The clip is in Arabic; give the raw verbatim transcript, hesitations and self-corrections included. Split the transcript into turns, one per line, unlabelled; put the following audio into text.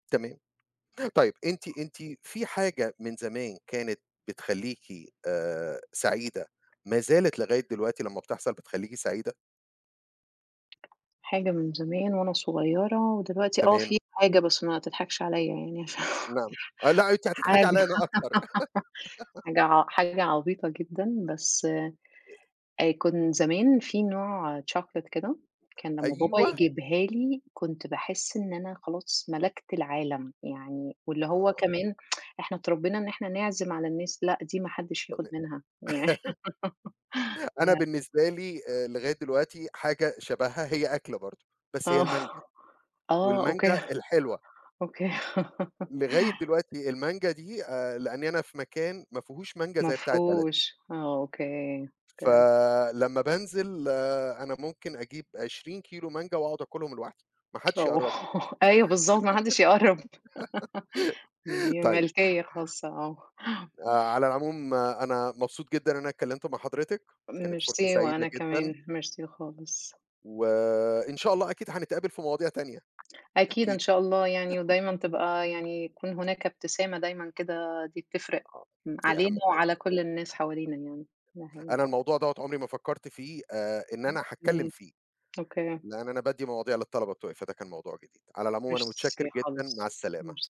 تمام. طيب، أنتِ أنتِ في حاجة من زمان كانت بتخليكِ، آآ، سعيدة ما زالت لغاية دلوقتي لما بتحصل بتخليكِ سعيدة؟
حاجة من زمان وأنا صغيرة، ودلوقتي آه،
تمام.
في حاجة بس ما تضحكش عليّا يعني.
أ نعم. أه، لأ، أنتِ
حاجة
هتضحكي عليّا أنا أكتر.
حاجة ع حاجة عبيطة جدًا، بس
آآ.
آآ، كن زمان في نوع chocolate كده، كان لمَّا بابا
أيوه.
يجيبها لي، كنت باحس إن أنا خلاص ملَكت العالَم. يعني، واللي هو
آه.
كمان إحنا اتربِّينا إن إحنا نعزِم على الناس، لأ، دي ما حدِّش
تمام.
ياخُد منها يعن
أنا
يعني
بالنسبة لي، آآ، لغاية دلوقتي حاجة شبهها، هي أكلة برضو، بس هي
آه.
المانجا،
آه،
والمانجا
أوكي،
الحلوة.
أوكي.
لغاية دلوقتي المانجا دي، آآ، لأني أنا في مكان ما فيهوش مانجا
ما
زي بتاعة بلدي.
فيهوش. آه أوكي، أوكي.
فلمّا بانزل، أنا ممكن أجيب عشرين كيلو مانجا وأقعد آكلهم لوحدي، ما حدش
آه.
يقرب لي.
أيوه، بالضبط، ما حدش يقرب. دي
طيب.
ملكية خاصة، آه.
آآ، على العموم، آآ، أنا مبسوط جدًا إن أنا اتكلمت مع حضرتِك. كانت فرصة
ميرسي، وأنا
سعيدة جدًا.
كمان، ميرسي خالص.
وإن شاء الله، أكيد هنتقابل في مواضيع تانية،
أكيد،
أكيد.
إن شاء الله يعني، ودايمًا تبقى يعني يكون هناك ابتسامة دايمًا كده، دي بتفرق
آه،
م
دي
علينا
أهم حاجة،
وعلى
أيوه.
كل الناس حوالينا يعني. ده حقيقي.
أنا الموضوع دوّة عمري ما فكرت فيه، آآ، إن أنا هاتكلم
أوكي،
فيه،
أوكي.
لأن أنا بادّي مواضيع للطلبة بتوعي، فده كان موضوع جديد. على العموم أنا متشكر
ميرسي
جدًا. مع
خالص،
السلامة.
ميرس